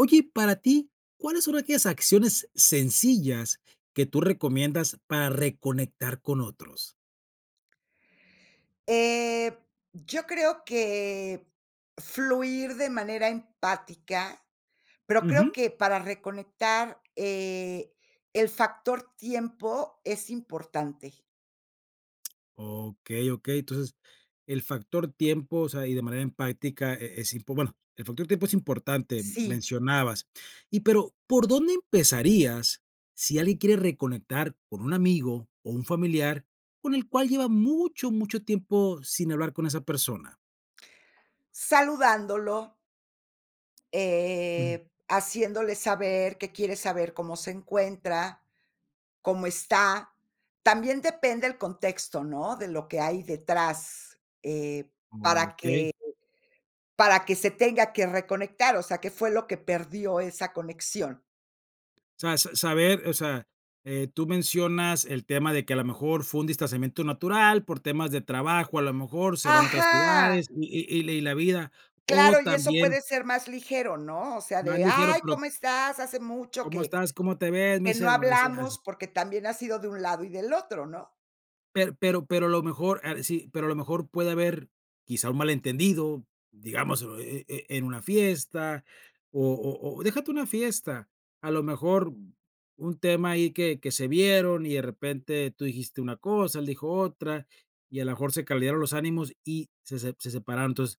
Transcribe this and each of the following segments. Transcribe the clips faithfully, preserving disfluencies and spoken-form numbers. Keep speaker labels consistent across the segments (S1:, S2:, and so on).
S1: Oye, para ti, ¿cuáles son aquellas acciones, sencillas que tú recomiendas para reconectar con otros?
S2: Eh, yo creo que fluir de manera empática, pero creo
S1: Ujú.
S2: que para reconectar, eh, el factor tiempo es importante.
S1: Okey, okey. Entonces, el factor tiempo, o sea, y de manera empática e es y pu bueno, el factor tiempo es importante,
S2: Sí.
S1: mencionabas. Y, pero, ¿por dónde empezarías, si alguien quiere reconectar con un amigo, o un familiar, con el cual lleva mucho, mucho tiempo, sin hablar con esa persona?
S2: Saludándolo
S1: Ujú.
S2: eh, haciéndole saber que quieres saber cómo se encuentra, cómo está. También depende el contexto, ¿no?, de lo que hay detrás, eh, para que
S1: Okey.
S2: para que se tenga que reconectar, o sea, ¿qué fue lo que perdió esa conexión?
S1: Sabes saber, o sea eh, tú mencionas el tema de que a la mejor fue un distanciamiento natural, por temas de trabajo, a lo mejor se van a otras
S2: Ajá.
S1: ciudades, y y y la vida, o
S2: Claro, y eso
S1: también
S2: puede ser más ligero, ¿no? O sea,
S1: Más
S2: de,
S1: ligero,
S2: ay,
S1: pero
S2: ¿cómo estás?, hace mucho
S1: ¿Cómo
S2: que,
S1: estás? ¿Cómo te ves?
S2: que no
S1: Dice, [unintelligible] así.
S2: hablamos, porque también ha sido de un lado y del otro, ¿no?
S1: Per pero pero lo mejor ah sí. Pero a lo mejor, puede haber quizá un malentendido, digamos, eh eh, en una fiesta, o o o déjate una fiesta, a lo mejor un tema ahí, que que se vieron y de repente tú dijiste una cosa, él dijo otra, y a la mejor se caldearon los ánimos y se se se separaron. Entonces,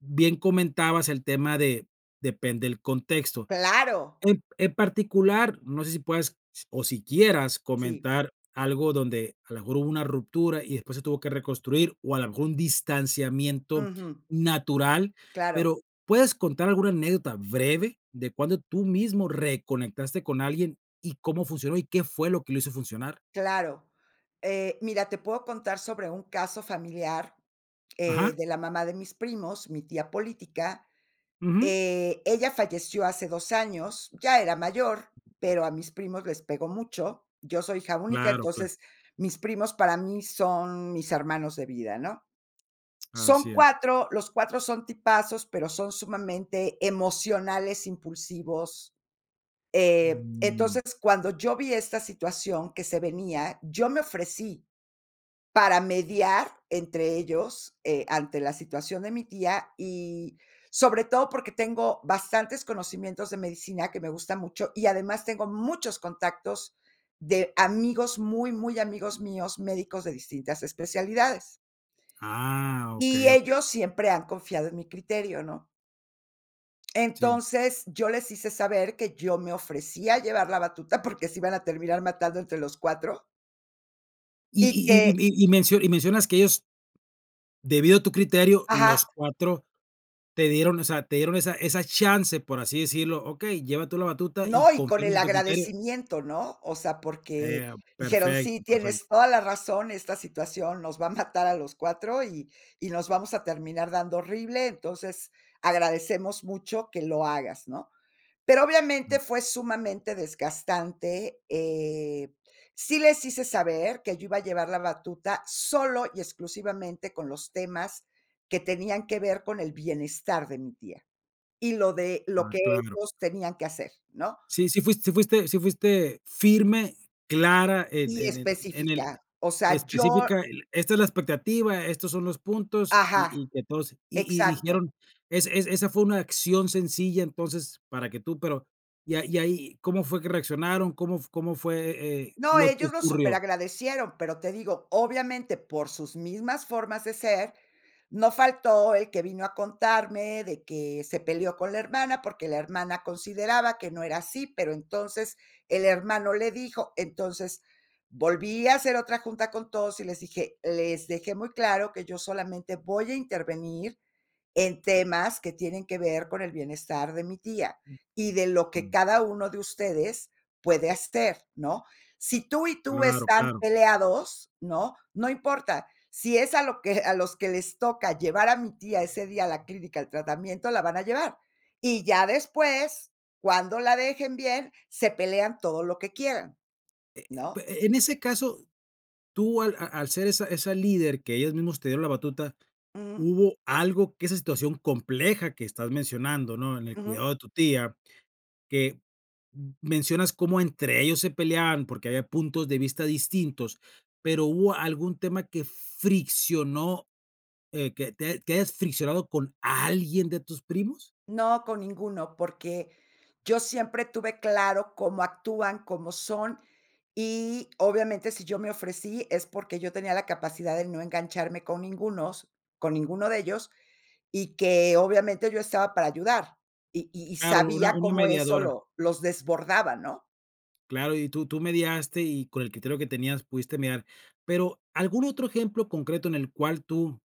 S1: bien comentabas el tema de depende el contexto.
S2: Claro.
S1: En en particular, no sé si puedas, o si quieras
S2: Sí.
S1: comentar algo, donde a la mejor hubo una ruptura, y después se tuvo que reconstruir, o a la mejor un distanciamiento
S2: Ujú.
S1: natural,
S2: Claro.
S1: pero, ¿puedes contar alguna anécdota breve, de cuándo tú mismo reconectaste con alguien, y cómo funcionó y qué fue lo que lo hizo funcionar?
S2: Claro, eh, mira, te puedo contar sobre un caso familiar, eh,
S1: Ajá.
S2: de la mamá de mis primos, mi tía política,
S1: Ujú.
S2: eh, ella falleció hace dos años, ya era mayor, pero a mis primos les pegó mucho. Yo soy hija única,
S1: Claro, claro.
S2: entonces, mis primos para mí son mis hermanos de vida, ¿no? Son
S1: Así es.
S2: cuatro, los cuatro son tipazos, pero son sumamente emocionales, impulsivos. Eh,
S1: Mm.
S2: entonces, cuando yo vi esta situación que se venía, yo me ofrecí para mediar entre ellos, eh, ante la situación de mi tía, y sobre todo porque tengo bastantes conocimientos de medicina, que me gusta mucho, y además tengo muchos contactos de amigos, muy, muy amigos míos, médicos de distintas especialidades.
S1: Ah,
S2: Y
S1: okey, okey.
S2: ellos siempre han confiado en mi criterio, ¿no?
S1: Sí.
S2: Entonces, yo les hice saber que yo me ofrecía a llevar la batuta, porque se iban a terminar matando entre los cuatro.
S1: Y
S2: Y,
S1: y y m
S2: que
S1: y y me y mencionas que ellos, debido a tu criterio los
S2: Ajá.
S1: cuatro, te dieron, o sea, te dieron esa esa chance por así decirlo: "Okey, lleva tú la batuta y
S2: No, y con
S1: confiamos
S2: el
S1: en tu criterio".
S2: agradecimiento, ¿no? O sea, porque
S1: Eh,
S2: dijeron: "Sí,
S1: perfecto,
S2: tienes
S1: perfecto.
S2: toda la razón, esta situación nos va a matar a los cuatro, y y nos vamos a terminar dando horrible, entonces, agradecemos mucho que lo hagas", ¿no? Pero, obviamente,
S1: Ujú.
S2: fue sumamente desgastante, eh, sí les hice saber que yo iba a llevar la batuta solo, y exclusivamente con los temas que tenían que ver con el bienestar de mi tía, y lo de lo
S1: Ah
S2: que
S1: claro.
S2: ellos tenían que hacer, ¿no?
S1: Sí, sí fuiste sí fuiste sí fuiste firme, clara en
S2: Y
S1: en el en el
S2: específica, o sea, yo
S1: específica. Eh, esta es la expectativa, estos son los puntos, y
S2: Ajá,
S1: y que todos, y y
S2: exacto.
S1: dijeron, es es esa fue una acción sencilla. Entonces, para que tú, pero ya y ahí, ¿cómo fue que reaccionaron?, ¿cómo f cómo fue, eh,
S2: No,
S1: lo que
S2: ellos lo
S1: ocurrió?
S2: superagradecieron, pero te digo, obviamente, por sus mismas formas de ser, no faltó el que vino a contarme de que se peleó con la hermana, porque la hermana consideraba que no era así, pero entonces el hermano le dijo. Entonces volví a hacer otra junta con todos, y les dije, les dejé muy claro que yo solamente voy a intervenir en temas que tienen que ver con el bienestar de mi tía,
S1: Ujú.
S2: y de lo que
S1: [unintelligible]
S2: cada uno de ustedes puede hacer, ¿no? Si tú y tú
S1: Claro,
S2: están
S1: claro.
S2: peleados, ¿no?, no importa. Si es a lo que a los que les toca llevar a mi tía ese día a la clínica al tratamiento, la van a llevar, y ya después, cuando la dejen bien, se pelean todo lo que quieran,
S1: Eh eh
S2: ¿no?
S1: eh, en ese caso, tú al a al ser esa esa líder que ellos mismos te dieron la batuta,
S2: Ujú.
S1: hubo algo que esa situación compleja que estás mencionando, ¿no?, en el
S2: Ujú.
S1: cuidado de tu tía, que m mencionas cómo entre ellos se peleaban, porque había puntos de vista distintos, pero, ¿hubo algún tema que friccionó, eh, que te, que hayas friccionado con alguien de tus primos?
S2: No, con ninguno, porque yo siempre tuve claro cómo actúan, cómo son. Y obviamente si yo me ofrecí es, porque yo tenía la capacidad de no engancharme con ningunos, con ninguno de ellos. Y que obviamente yo estaba para ayudar, y y y
S1: Claro, una
S2: sabía
S1: una
S2: cómo eso
S1: mediadora.
S2: lo los desbordaba, ¿no?
S1: Claro, y tú tú mediaste y con el criterio que tenías pudiste mirar. Pero, ¿algún otro ejemplo concreto en el cual tú?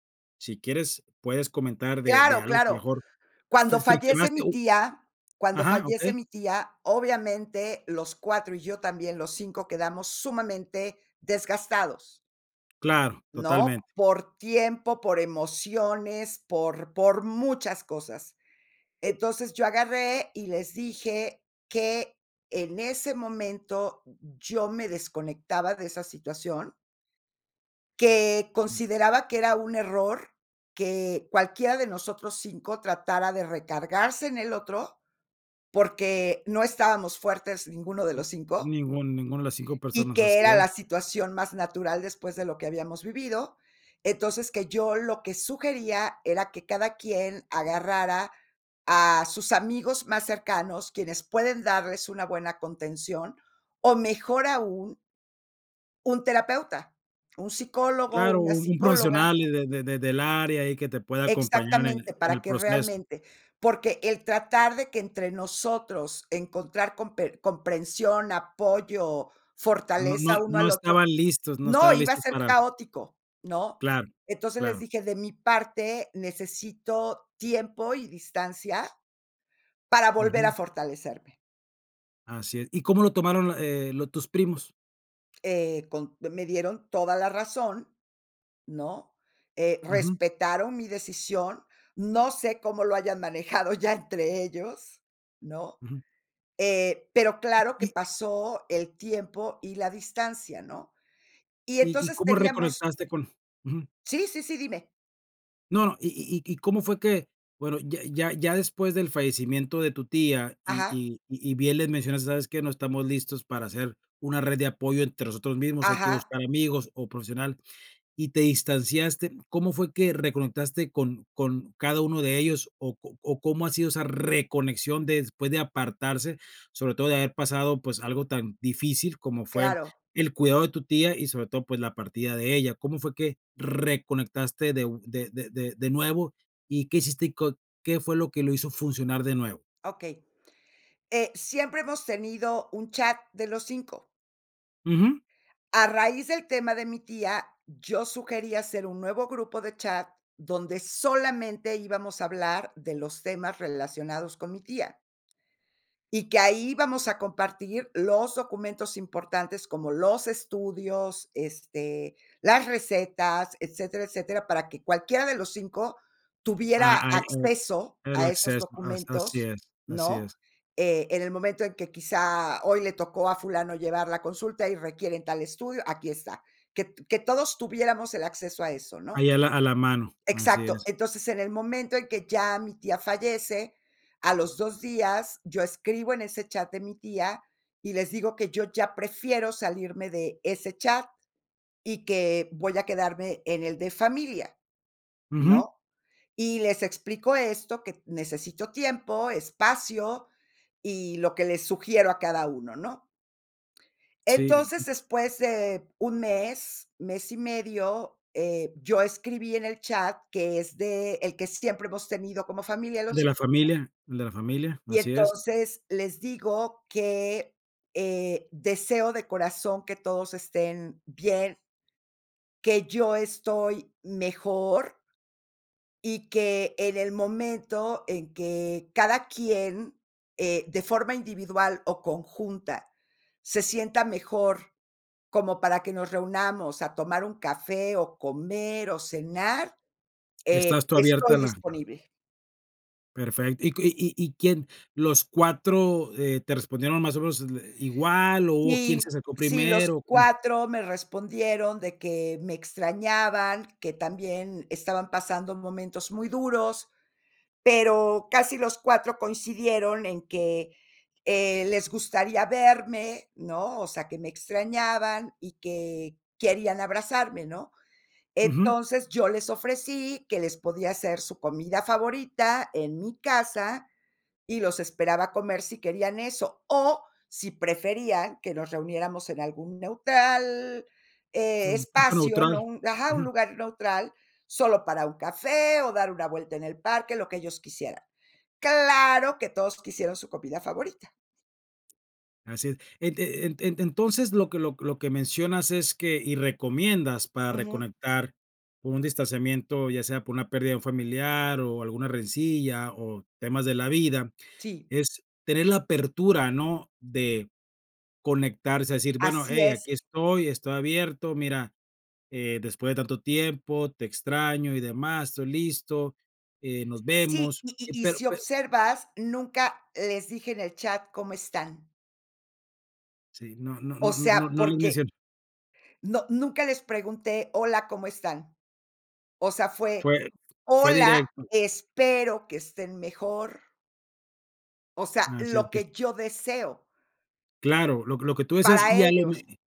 S1: si quieres, puedes comentar de de
S2: Claro,
S1: algo
S2: claro.
S1: mejor, fri
S2: Cuando fallece
S1: friccionaste
S2: mi
S1: o
S2: tía cuando
S1: ajá,
S2: fallece
S1: okey.
S2: mi tía, obviamente los cuatro, y yo también, los cinco quedamos sumamente desgastados.
S1: Claro,
S2: ¿No?,
S1: totalmente.
S2: por tiempo, por emociones, por por muchas cosas. Entonces, yo agarré, y les dije: "Que en ese momento yo me desconectaba de esa situación. Que consideraba que era un error, que cualquiera de nosotros cinco tratara de recargarse en el otro, porque no estábamos fuertes ninguno de los cinco.
S1: Ningún ninguna de las cinco
S2: Y
S1: personas,
S2: que
S1: así
S2: era
S1: es.
S2: la situación más natural después de lo que habíamos vivido. Entonces, que yo lo que sugería era que cada quien agarrara a sus amigos más cercanos, quienes pueden darles una buena contención, o mejor aún un terapeuta, un psicólogo,
S1: Claro,
S2: una
S1: un un
S2: psicóloga.
S1: profesional, y de de de del área ahí que te pueda acompañar en
S2: Exactamente,
S1: el en
S2: para
S1: el
S2: que
S1: proceso.
S2: realmente, porque el tratar de que entre nosotros encontrar comper comprensión, apoyo,
S1: No no e
S2: fortaleza uno
S1: no
S2: al
S1: estaban
S2: otro.
S1: listos no
S2: ¡No!,
S1: estaban
S2: iba a
S1: listos
S2: ser
S1: para
S2: caótico, ¿no?
S1: Claro,
S2: Entonces, les
S1: claro.
S2: dije: "De mi parte necesito tiempo y distancia para volver a
S1: Ujú.
S2: fortalecerme".
S1: Así es, ¿y cómo lo tomaron lo eh, lo tus primos?
S2: Eh, con me me dieron toda la razón, ¿no?, eh,
S1: Ujú.
S2: respetaron mi decisión. No sé cómo lo hayan manejado ya entre ellos, ¿no?
S1: Ujú.
S2: Eh, pero claro que
S1: Y
S2: pasó el tiempo y la distancia, ¿no? Y
S1: y y,
S2: entonces
S1: ¿cómo
S2: teníamos
S1: reconectaste con ujú.
S2: Sí, sí, sí, dime.
S1: No, no y y y y cómo fue que bueno, ya ya, ya después del fallecimiento de tu tía y
S2: Ajá.
S1: y y bien les mencionas: "¿Sabes qué? No estamos listos para ser una red de apoyo entre nosotros mismos, hay que
S2: Ajá.
S1: buscar amigos o profesional". Y te distanciaste, ¿cómo fue que reconectaste con con cada uno de ellos? O o o, ¿cómo ha sido esa reconexión después de apartarse? Sobre todo, de haber pasado, pues, algo tan difícil, como fue,
S2: Claro.
S1: el cuidado de tu tía y, sobre todo, pues, la partida de ella, ¿cómo fue que reconectaste de u de de de de nuevo? Y, ¿qué hiciste? Y, co ¿qué fue lo que lo hizo funcionar de nuevo?
S2: Okey. Eh, siempre hemos tenido un chat de los cinco.
S1: Ujú.
S2: A raíz del tema de mi tía, yo sugerí hacer un nuevo grupo de chat, donde solamente íbamos a hablar de los temas relacionados con mi tía y que ahí íbamos a compartir los documentos importantes como los estudios, este, las recetas, etcétera, etcétera, para que cualquiera de los cinco,
S1: Ah,
S2: tuviera
S1: ay, eh.
S2: acceso
S1: El
S2: a esos
S1: acceso, as así
S2: documentos,
S1: es. Así
S2: ¿no?
S1: es.
S2: Eh, en el momento en que quizá hoy le tocó a fulano llevarla a consulta y requieren tal estudio, aquí está. Que t que todos tuviéramos el acceso a eso, ¿no?
S1: Ahí a la a la mano, así
S2: Exacto.
S1: es.
S2: Entonces, en el momento en que ya mi tía fallece, a los dos días yo escribo en ese chat de mi tía, y les digo que yo ya prefiero salirme de ese chat, y que, voy a quedarme en el de familia,
S1: Ujú.
S2: ¿no? Y les explico esto, que necesito tiempo, espacio, y lo que les sugiero a cada uno, ¿no?
S1: Sí.
S2: Entonces después de un mes, mes y medio, eh, yo escribí en el chat, que es de el que siempre hemos tenido como familia
S1: El
S2: los
S1: de
S2: hi.
S1: la
S2: [unintelligible]
S1: familia, el de la familia,
S2: Y
S1: así es.
S2: entonces, les digo, que, eh, deseo de corazón que todos estén, bien que yo estoy mejor y que en el momento en que cada quien, eh, de forma individual o conjunta, se sienta mejor como para que nos reunamos a tomar un café o comer o cenar, eh,
S1: Estás tú abierta a
S2: estoy
S1: la
S2: disponible.
S1: Perfe ¿Y q y y y quién los cuatro, eh, te respondieron, más o menos, le igual, o hubo quién se
S2: Sí,
S1: acercó
S2: sí, los
S1: primero? ¿O cómo?
S2: cuatro me respondieron de que me extrañaban, que también estaban pasando momentos muy duros, pero casi los cuatro coincidieron en que, eh, les gustaría verme, ¿no? O sea, que me extrañaban y que querían abrazarme, ¿no?
S1: Ujú.
S2: Entonces, yo les ofrecí que les podía hacer, su comida favorita en mi casa, y los esperaba a comer si querían eso, o si preferían, que nos reuniéramos en algún neutral,
S1: Sí,
S2: eh
S1: un punto
S2: espacio, ¿no?
S1: neutral.
S2: Un ajá. Un
S1: Ujú.
S2: lugar neutral, solo para un café, o dar una vuelta en el parque, lo que ellos quisieran. Claro, que todos quisieron su comida favorita.
S1: Así es. Ente eh, ente entonces, lo que lo lo que mencionas es que y recomiendas para
S2: Ujú.
S1: reconectar un distanciamiento, ya sea por una pérdida de un familiar, o alguna rencilla, o temas de la vida,
S2: Sí.
S1: es tener la apertura, ¿no?, de conectarse, a decir: "Bueno,
S2: Así
S1: hey,
S2: es.
S1: aquí estoy, estoy abierto, mira, eh, después de tanto tiempo, te extraño y demás. Estoy listo, eh, nos
S2: Sí,
S1: vemos".
S2: y
S1: Y
S2: y y
S1: pero
S2: si
S1: pero
S2: observas, nunca les dije en el chat: "¿Cómo están?"
S1: Sí, no no
S2: O
S1: no
S2: sea,
S1: no no le
S2: porque,
S1: [unintelligible]
S2: no, nunca les pregunté: "Hola, ¿cómo están?", o sea, fue:
S1: Fue f fue
S2: "Hola,
S1: directo.
S2: espero que estén mejor". O sea,
S1: Así es,
S2: lo
S1: que es.
S2: que yo deseo.
S1: Claro, lo que lo que tú decías,
S2: Para
S1: y a lo
S2: ellos.
S1: me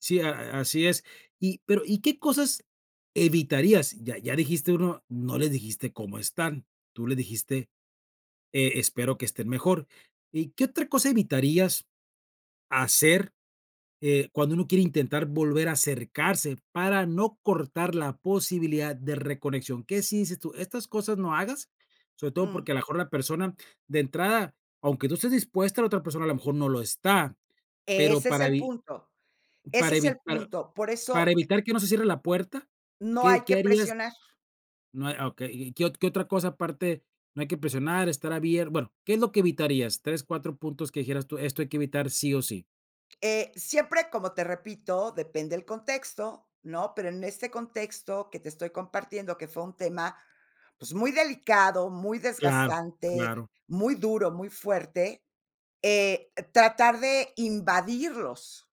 S1: sí, a a así es. Y, pero, ¿y qué cosas evitarías?, ya ya dijiste uno, no les dijiste: "¿Cómo están?", tú les dijiste: "E espero que estén mejor", ¿y qué otra cosa evitarías hacer, eh, cuando uno quiere intentar volver a acercarse para no cortar la posibilidad de reconexión?" ¿Qué sí dices tú?, estas cosas no hagas, sobre todo
S2: Mm.
S1: porque a la mejor la persona, de entrada, aunque tú estés dispuesta, la otra persona, a lo mejor no lo está, pero,
S2: Ese es
S1: para
S2: el
S1: evi
S2: punto, ese
S1: para
S2: es el
S1: evi para
S2: punto, por
S1: para
S2: eso e
S1: evitar que no se cierre la puerta,
S2: No hay
S1: ¿qué qué
S2: que
S1: harías?,
S2: presionar.
S1: no, ah, okey, ¿qué qué otra cosa aparte no hay que presionar, estar abier bueno, ¿qué es lo que evitarías?, tres, cuatro puntos que dijeras tú: "Esto hay que evitar sí o sí".
S2: Eh, siempre, como te repito, depende el contexto, ¿no?, pero, en este contexto que te estoy compartiendo, que fue un tema, pues, muy delicado, muy
S1: Claro,
S2: desgastante,
S1: claro.
S2: muy duro, muy fuerte, eh, tratar de invadirlos.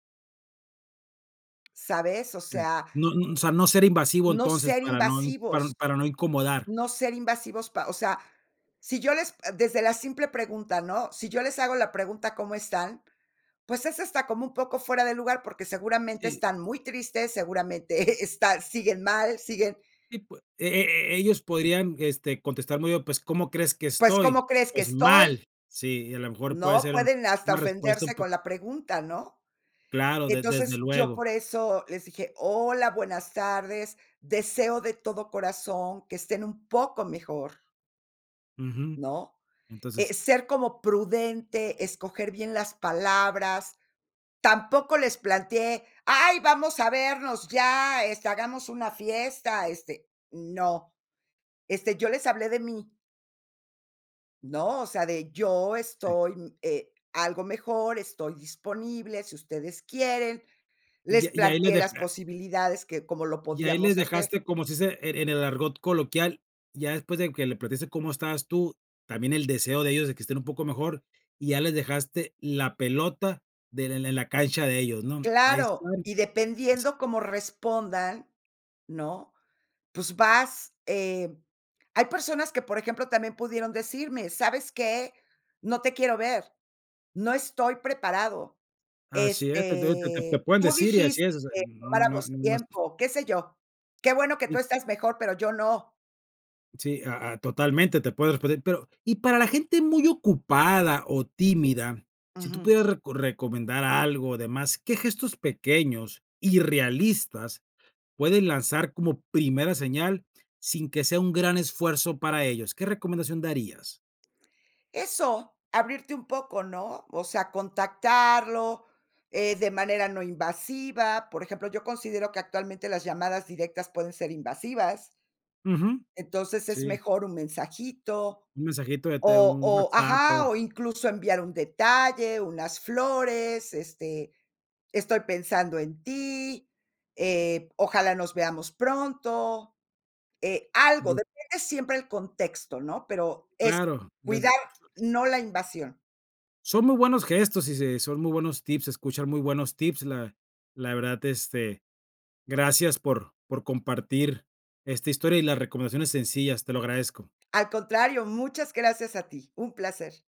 S2: ¿Sabes?, o
S1: Pues,
S2: sea
S1: no no, o sea, no ser invasivo,
S2: No
S1: entonces,
S2: ser
S1: para no in para
S2: invasivos,
S1: para no incomodar.
S2: no ser invasivos, pa o sea, si yo les desde la simple pregunta, ¿no? Si yo les hago la pregunta, ¿cómo están?, pues, es hasta como un poco fuera de lugar, porque seguramente
S1: Sí.
S2: están muy tristes, seguramente están siguen mal, siguen
S1: Y pues, e e ellos podrían, este, contestar muy bien, pues, ¿cómo crees que
S2: ¿Pues,
S1: estoy?
S2: cómo crees que
S1: Pues,
S2: estoy?
S1: ¡mal!, sí, a la mejor puede
S2: ¿No?,
S1: ser un
S2: pueden hasta
S1: una respuesta un
S2: ofenderse
S1: po
S2: con la pregunta, ¿no?
S1: Claro, de desde
S2: Entonces, yo
S1: luego.
S2: por eso les dije: "Hola, buenas tardes, deseo de todo corazón que estén un poco mejor".
S1: Ujú,
S2: ¿No?,
S1: entonces
S2: eh, ser como prudente, escoger bien las palabras. Tampoco les planteé: "Ay, vamos a vernos ya, este, hagamos una fiesta", este, no. Este, yo les hablé de mí. ¿No?, o sea, de yo
S1: Sí.
S2: estoy, eh, algo mejor, estoy disponible, si ustedes quieren,
S1: Y
S2: les
S1: a y ahí le
S2: planteé las
S1: deja
S2: posibilidades que como lo
S1: y ahí le
S2: podíamos hacer.
S1: dejaste como se dice en en el argot coloquial, ya después de que le platicaste cómo estabas tú, también el deseo de ellos de que estén un poco mejor. Y ya les dejaste la pelota del en en la cancha de ellos, ¿no? Ahí
S2: Claro,
S1: están
S2: y
S1: así
S2: dependiendo cómo respondan, ¿no? Pues, vas, eh hay personas que, por ejemplo, también pudieron decirme: "¿Sabes qué?, no te quiero ver. No estoy preparado".
S1: así es, entonces, te te te
S2: Este,
S1: pueden
S2: tú
S1: decir y así
S2: dijiste:
S1: es, o sea,
S2: "Que
S1: no no
S2: tomáramos
S1: no más.
S2: tiempo, qué sé yo. Qué bueno que tú
S1: Sí.
S2: estás mejor, pero yo no".
S1: Sí, a a totalmente te puede responder, pero, y para la gente muy ocupada o tímida, si tú
S2: Ujú.
S1: pudieras reco recomendar algo, demás, ¿qué gestos pequeños y realistas pueden lanzar como primera señal, sin que sea un gran esfuerzo para ellos? ¿Qué recomendación darías?
S2: Eso, abrirte un poco, ¿no? O sea, contactarlo, eh, de manera no invasiva. Por ejemplo, yo considero que actualmente las llamadas directas pueden ser invasivas.
S1: Ujú,
S2: Entonces, es
S1: sí.
S2: mejor un mensajito,
S1: Un mensajito de te
S2: o
S1: un
S2: o
S1: WhatsApp
S2: ¡ajá!,
S1: [unintelligible]
S2: o incluso, enviar un detalle, unas flores. Este, estoy pensando en ti, eh, ojalá nos veamos pronto. Eh, algo,
S1: Yo.
S2: depende siempre el contexto, ¿no?, pero, eso
S1: Claro,
S2: cuidar,
S1: desde [unintelligible]
S2: no la invasión.
S1: Son muy buenos gestos, y se son muy buenos tips, se escuchan muy buenos tips. La la verdad, este, gracias por por compartir esta historia y las recomendaciones sencillas, te lo agradezco.
S2: Al contrario, muchas gracias a ti, un placer.